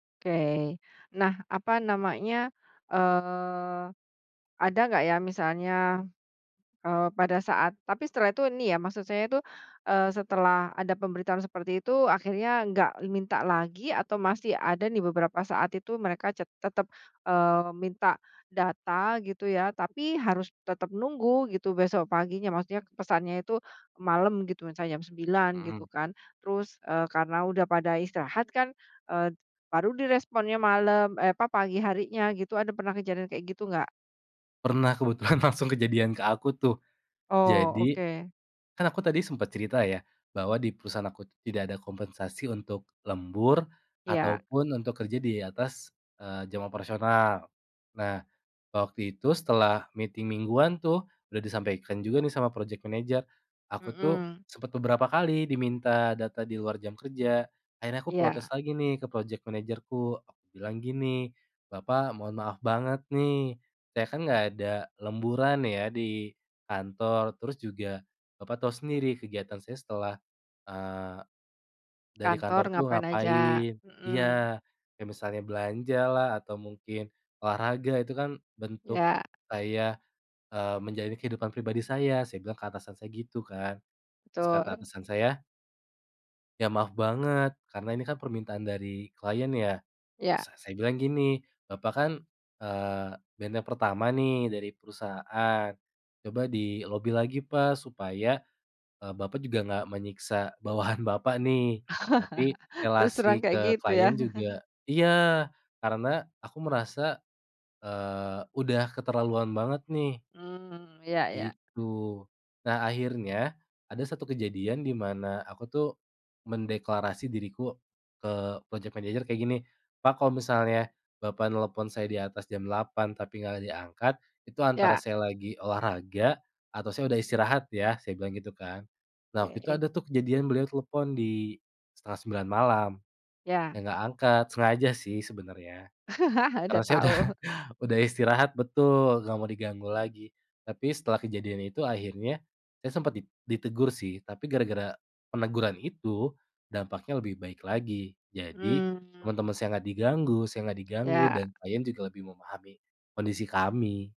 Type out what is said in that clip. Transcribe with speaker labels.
Speaker 1: Oke. Nah, apa namanya, eee, ada enggak ya misalnya, eee, pada saat tapi setelah itu nih ya, maksud saya itu, eee, setelah ada pemberitahuan seperti itu akhirnya enggak minta lagi atau masih ada nih beberapa saat itu mereka ce tetap, eee, minta data gitu ya, tapi harus tetap nunggu gitu besok paginya. Maksudnya pesannya itu malam gitu, misalnya jam 9.00
Speaker 2: Mhm.
Speaker 1: gitu kan, terus, eee, karena udah pada istirahat kan, eee, baru diresponnya malam, e apa, pagi harinya gitu. Ada pernah kejadian kayak gitu enggak?
Speaker 2: Pernah, kebetulan langsung kejadian ke aku tuh.
Speaker 1: Oh,
Speaker 2: Jadi,
Speaker 1: oke.
Speaker 2: kan aku tadi sempat cerita ya, bahwa di perusahaan aku tuh tidak ada kompensasi untuk lembur
Speaker 1: Iya.
Speaker 2: ataupun untuk kerja di atas, eee, jam operasional. Nah, waktu itu setelah meeting mingguan tuh, udah disampaikan juga nih sama project manager. Aku tuh
Speaker 1: Mhm.
Speaker 2: sempat beberapa kali diminta data di luar jam kerja, akhirnya aku
Speaker 1: Iya.
Speaker 2: protes lagi nih ke project manager-ku. Aku bilang gini, "Bapak mohon maaf banget nih, saya kan enggak ada lemburan ya di kantor, terus juga Bapak tahu sendiri kegiatan saya setelah, eee, dari
Speaker 1: Kantor
Speaker 2: kantor tuh
Speaker 1: ngapain aja?
Speaker 2: ngapain,"
Speaker 1: Mhm.
Speaker 2: iya. "Kayak misalnya belanjalah atau mungkin olahraga. Itu kan bentuk
Speaker 1: Iya.
Speaker 2: saya, eee, menjalani kehidupan pribadi saya," saya bilang ke atasan saya gitu kan. Terus kata
Speaker 1: Betul.
Speaker 2: atasan saya "Ya maaf banget karena ini kan permintaan dari klien ya."
Speaker 1: Iya.
Speaker 2: S saya bilang gini, "Bapak kan, eee, benteng yang pertama nih dari perusahaan, coba di lobi lagi, Pak supaya, eee, Bapak juga enggak menyiksa bawahan Bapak nih, tapi
Speaker 1: Terus terang
Speaker 2: relasi
Speaker 1: kayak
Speaker 2: ke
Speaker 1: gitu ya.
Speaker 2: klien juga" iya, karena aku merasa, eee, udah keterlaluan banget nih.
Speaker 1: Mhm. Iya iya.
Speaker 2: Gitu. Nah, akhirnya ada satu kejadian di mana aku tuh mendeklarasi diriku ke project manager kayak gini, "Pak, kalau misalnya Bapak nelpon saya di atas jam 8.00 tapi enggak ada angkat itu antara
Speaker 1: Iya.
Speaker 2: saya lagi olahraga atau saya udah istirahat ya." Saya bilang gitu kan. Nah, waktu itu
Speaker 1: Oke.
Speaker 2: ada tuh kejadian beliau telepon di 8.30 malam. Saya
Speaker 1: Ya.
Speaker 2: enggak angkat, sengaja sih sebenarnya.
Speaker 1: Udah
Speaker 2: Karena saya udah,
Speaker 1: tau.
Speaker 2: udah istirahat betul, enggak mau diganggu lagi. Tapi setelah kejadian itu akhirnya saya sempat di ditegur sih, tapi gara-gara peneguran itu, dampaknya lebih baik lagi. Jadi,
Speaker 1: Mmm.
Speaker 2: teman-teman saya enggak diganggu, saya enggak diganggu, dan
Speaker 1: Ya.
Speaker 2: klien juga lebih memahami kondisi kami.